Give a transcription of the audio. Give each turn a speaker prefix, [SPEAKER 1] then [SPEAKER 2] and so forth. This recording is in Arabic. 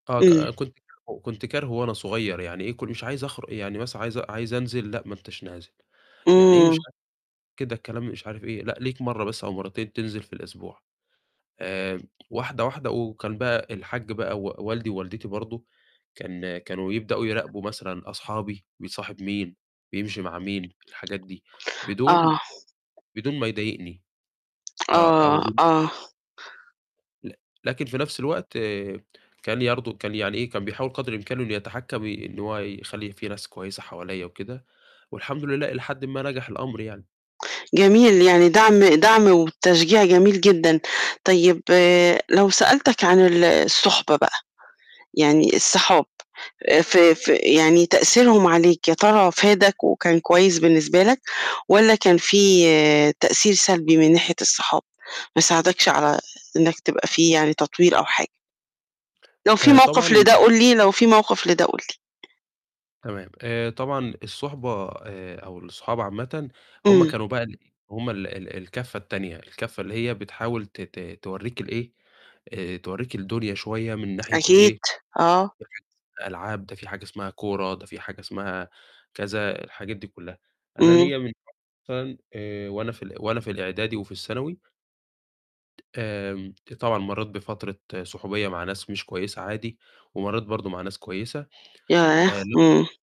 [SPEAKER 1] آه، ك
[SPEAKER 2] إمم.
[SPEAKER 1] كنت كارهُه، كنت كارهُه وأنا صغيّر يعني إيه كن مش عايز أخرُ يعني مثلًا عايز أ عايز أنزل، لأ، ما أنتش نازل، يعني إيه،
[SPEAKER 2] إمم.
[SPEAKER 1] مش [unintelligible] كده الكلام مش عارف إيه، لأ، ليك مرّه بس أو مرّتين تنزِل في الأسبوع. آمم واحدة، واحدة وكان بقى الحاج بقى و والدي ووالدتي برضه، كان كانوا يبدأوا يراقبوا مثلًا أصحابي، بيصاحب مين؟ بيمشي مع مين؟ الحاجات دي بدون
[SPEAKER 2] آه.
[SPEAKER 1] بدون ما يضايقني، آه، أو
[SPEAKER 2] آه،
[SPEAKER 1] بد
[SPEAKER 2] آه.
[SPEAKER 1] لك لكن في نَفْس الوقت كان برضه، كان يعني إيه، كان بيحاول قَدر إمكانُه إنه يتحكّم ي إن هو يخلّي في ناس كويسة حواليّا وكده، والحمد لله إلى حدٍ ما نَجح الأمر يعني.
[SPEAKER 2] جميل، يعني دَعم دَعم وتشجيع جميل جدًا، طيب، لو سألتك عن ال الصُحبة بقى، يعني الصحاب آآ، في في يعني تأثيرهم عليك، يا ترى فادَك وكان كويس بالنسبة لك، والَّا كان في تأثير سلبي من ناحية الصحاب، ما ساعدكش على إنّك تبقى فيه يعني تطوير أو حاجة؟ لو في
[SPEAKER 1] آآ،
[SPEAKER 2] موقِف
[SPEAKER 1] طبعًا
[SPEAKER 2] لده قُل لي لو في موقِف لده قُل لي.
[SPEAKER 1] تمام، آآ طبعًا الصُحبة آآ، أو الصحاب عامةً هم
[SPEAKER 2] إمم.
[SPEAKER 1] كانوا بقى الإيه هم ال ال الكفّة التانية، الكفّة اللي هي بتحاول ت ت تورّيك ال إيه، آآ، تورّيك الدنيا شوية من ناحية ال
[SPEAKER 2] أكيد،
[SPEAKER 1] إيه،
[SPEAKER 2] آه.
[SPEAKER 1] ناحية الألعاب، ده في حاجة اسمها كورة، ده في حاجة اسمها كذا، الحاجات دي كُلّها. أنا
[SPEAKER 2] إمم.
[SPEAKER 1] ليّا من مثلًا آآ، وأنا في ال وأنا في الإعدادي وفي الثانوي آمم آآ، طبعًا مرّيت بفترة صُحوبية مع ناس مش كويسة عادي، ومرّيت برضه مع ناس كويسة. آآ،
[SPEAKER 2] ياه!
[SPEAKER 1] لو
[SPEAKER 2] إمم.